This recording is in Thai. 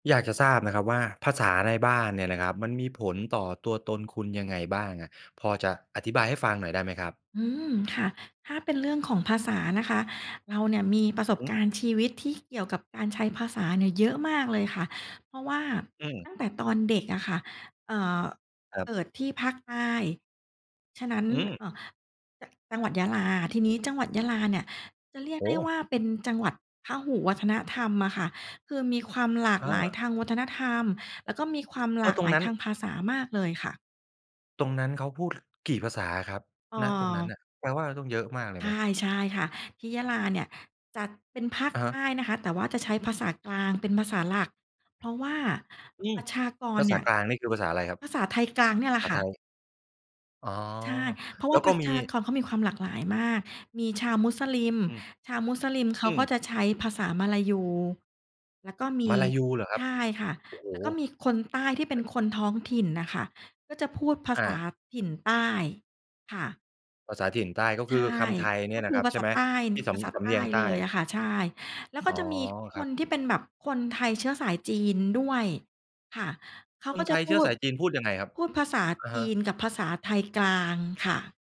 อยากจะทราบนะครับว่า ภาษาในบ้านเนี่ยนะครับมันมีผลต่อตัวตนคุณยังไงบ้างอะ พอจะอธิบายให้ฟังหน่อยได้ไหมครับ? อืม ค่ะ ถ้าเป็นเรื่องของภาษานะคะ เราเนี่ยมีประอสือฮบึ การณ์ชีวิตที่เกี่ยวกับการใช้ภาษาเนี่ยเยอะมากเลยค่ะ เพราะว่า อืม ตั้งแต่ตอนเด็กอะค่ะ เอ่อ ครัเบ กิดที่ภาคใต้ ฉะนั้น อือม ่า จ จังหวัดยะลา ทีนี้จังหวัดยะลาเนี่ยจะเรียกโอได้้โวฮ ่าเป็นจังหวัดพหุวัฒนธรรมอะค่ะ คือมีความหลากอหา ลายทางวัฒนธรรม แล้วก็มีความหกล็ากตรหลงายนั้ทน างภาษามากเลยค่ะ ตรงนั้นเขาพูด กี่ภาษาอะครับ อณ ตรงนั้นา น่ะ แปลว่าเราต้องเยอะมากเลใชยไ่ หม? ใช่ค่ะ ที่ยะลาเนี่ยจัดเป็นภาคอะฮใตะ ้นะคะ แต่ว่าจะใช้ภาษากลางเป็นภาษาหลัก เพราะว่า อืปม ระชากภราเษนาี่ย กลางนี่คือภาษาอะไรครับ? ภาษาไทยกลางเนี่ยแหละภาคษา่ไทะ ย อ๋อ ใช่ เพราะแวล่้าวปก็ระมชี ากรเขามีความหลากหลายมาก มีชาวมุสลิม อือ ชาวมุสลิมเขอากืม ็จะใช้ภาษามลายู แล้วก็มมี ลายูเหรอครใัชบ? ่ค่ะ โอ้โฮ แล้วก็มีคนใต้ที่เปเ็ปน็น คนท้องถิ่นน่ะค่ะก็จะพูดภาอษาา ถิ่นใต้ ค่ะ ภาษาถิ่นใต้ ก็ใชค่ ือคำไทยเกนี็่ยคนะือครับ ภาใชษ่าไหม? ใต้ ง ที่สภาษาำ สใำตเ้นียงใเตล้ยออะ ะค่ะ ใช่ แล้วอก๋็อ จะมีคครับ นที่เป็นแบบคนไทยเชื้อสายจีนด้วย ค่ะ เขาคก็นจไทะยพเูชื้อด สายจีนพูดยังไงครับ? พูดภาษาอะจฮีะ นกับภาษาไทยกลางค่ะ